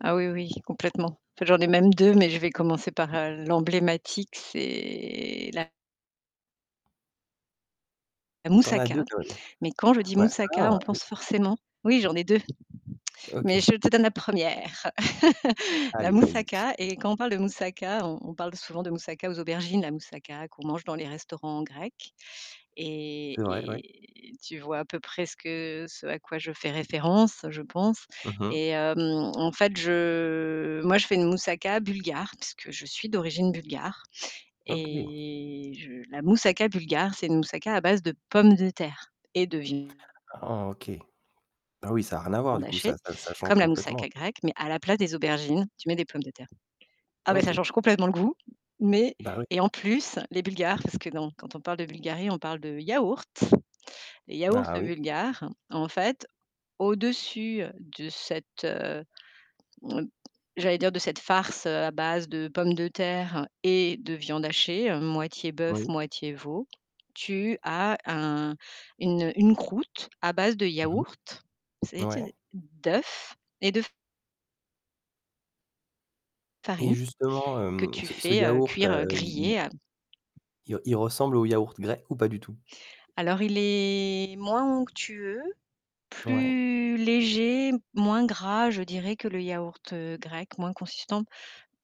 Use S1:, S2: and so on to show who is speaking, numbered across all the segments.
S1: Ah oui, oui, complètement. J'en ai même 2, mais je vais commencer par, heu, l'emblématique, c'est la la
S2: Tu en as 2
S1: moussaka,
S2: quand même.
S1: mais quand je dis
S2: Ouais.
S1: moussaka,
S2: Ah,
S1: on
S2: oui.
S1: pense forcément oui j'en ai 2,, mais
S2: OK.
S1: je te donne la 1re.
S2: A
S1: La
S2: allez, vas-y.
S1: moussaka et quand on parle de moussaka, on on parle d souvent de moussaka aux aubergines. La moussaka qu'on mange dans les restaurants grecs et
S2: C'est vrai, ouais.
S1: et tu vois à peu près ce que ce à quoi je fais référence, je pense
S2: Mmh mh.
S1: et hem, en fait, je moi je fais une moussaka bulgare. Puisque je suis d'origine bulgare
S2: OK.
S1: et je la moussaka bulgare, c'est une moussaka à base de pommes de terre et de viande
S2: Ah, OK. Bah, oui, ça a rien à voir, du coup,
S1: hachée,
S2: ça ça ça change
S1: comme la
S2: complètement.
S1: moussaka grecque, mais à la place des aubergines, tu mets des pommes de terre. Ah bah, ça
S2: OK.
S1: change complètement le goût, mais
S2: Bah ouais.
S1: et en plus les bulgares parce que dans quand on parle de Bulgarie, on parle de yaourt. Les yaourts
S2: Ah, oui.
S1: bulgares, en fait, au-dessus de cette, heu, m j'allais dire de cette farce, heu, à base de pommes de terre et de viande hachée, heu, moitié bœuf,
S2: Oui.
S1: moitié veau, tu as un une, heu, une croûte à base de
S2: Mmh mh.
S1: yaourt. C'est, tu
S2: Ouais.
S1: sais, de d'œuf et de f
S2: Et
S1: farine
S2: justement,
S1: que
S2: hem,
S1: tu
S2: ce ce
S1: fais, heu,
S2: yaourt,
S1: cuire, heu,
S2: heu, il il
S1: griller, heu
S2: il re il ressemble au yaourt grec, ou pas du tout?
S1: Alors il est moins onctueux,
S2: Ouais.
S1: plus léger, moins gras, je dirais que le yaourt, heu, grec, moins consistant.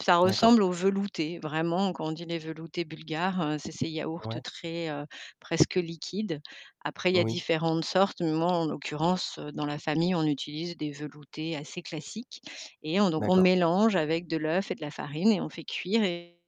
S1: Ça
S2: D'accord.
S1: ressemble aux veloutés, vraiment quand on dit: «Les veloutés bulgares», heu, c'est ces yaourts
S2: Ouais.
S1: très, heu, presque liquides. Après il y a
S2: Oui.
S1: différentes sortes, mais moi en l'occurrence, heu, dans la famille on utilise des veloutés assez classiques et on donc on
S2: D'accord.
S1: mélange avec de l'œuf et de la farine et on fait cuire et